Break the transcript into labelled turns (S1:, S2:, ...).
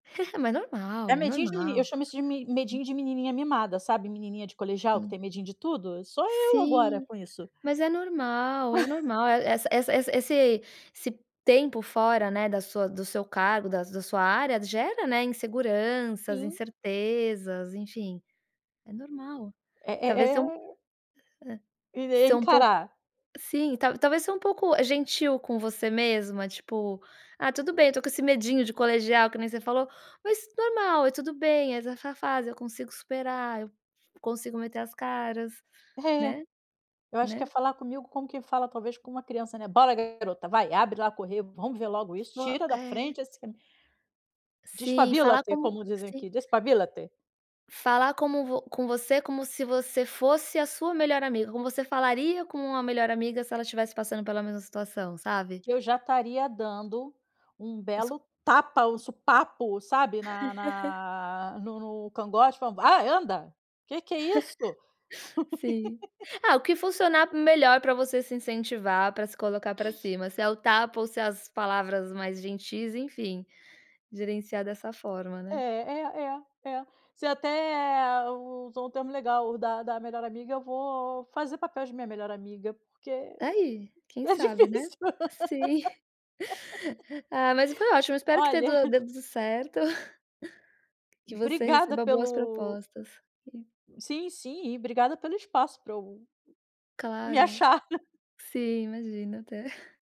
S1: Mas
S2: É
S1: normal,
S2: medinho de meni eu
S1: normal.
S2: chamo isso de me
S1: [unintelligible]
S2: medinho de menininha mimada, sabe? Menininha de colegial que
S1: Sim.
S2: tem medinho de tudo? Sou eu agora
S1: Sim,
S2: com isso.
S1: mas é normal. É normal essa essa esse esse tempo fora, né, da sua do seu cargo, das da sua área, gera, né, inseguranças,
S2: Sim.
S1: incertezas. Enfim, é normal.
S2: É é
S1: Talvez um hã.
S2: o E daí
S1: São um pouco
S2: encarar.
S1: sim, talvez ser um pouco, eh, gentil com você mesma. Tipo: "Ah, tudo bem eu tô com esse medinho de colegial, que nem você falou, mas normal. É tudo bem, essa fase eu consigo superar. Eu consigo meter as caras",
S2: É.
S1: né?
S2: Eu acho que é
S1: Né?
S2: falar comigo como quem fala talvez com uma criança, né? "Bora garota, vai. Abre lá. Correr. Vamos ver logo isso.
S1: Ou
S2: Tira da
S1: é.
S2: frente assim".
S1: Sim, falar
S2: Despabílate,
S1: como
S2: como dizem
S1: se
S2: aqui. Despabílate.
S1: Falar como com você como se você fosse a sua melhor amiga. Como você falaria com uma melhor amiga, se ela estivesse passando pela mesma situação, sabe?
S2: Eu já estaria dando um
S1: O s
S2: belo tapa, um supapo, sabe, na na no no cangote. "Vamos, vá anda. Que que é isso?"
S1: Sim. Ah, o que funcionar melhor para você se incentivar, para se colocar para cima. Se é o tapa ou se é as palavras mais gentis, enfim, gerenciar dessa forma,
S2: É
S1: né?
S2: é é é. Você até usou um termo legal. O da da melhor amiga, eu vou fazer papel de minha melhor amiga, porque
S1: Aí, quem
S2: tá
S1: sabe, né?
S2: difícil,
S1: Sim. Ah, mas foi ótimo. Espero que
S2: Olha
S1: tedo dê tudo certo que você
S2: Obrigada
S1: receba boas
S2: pelo
S1: propostas e
S2: Sim, sim. E obrigada pelo espaço para eu me
S1: Claro.
S2: achar.
S1: Sim, imagina. Até.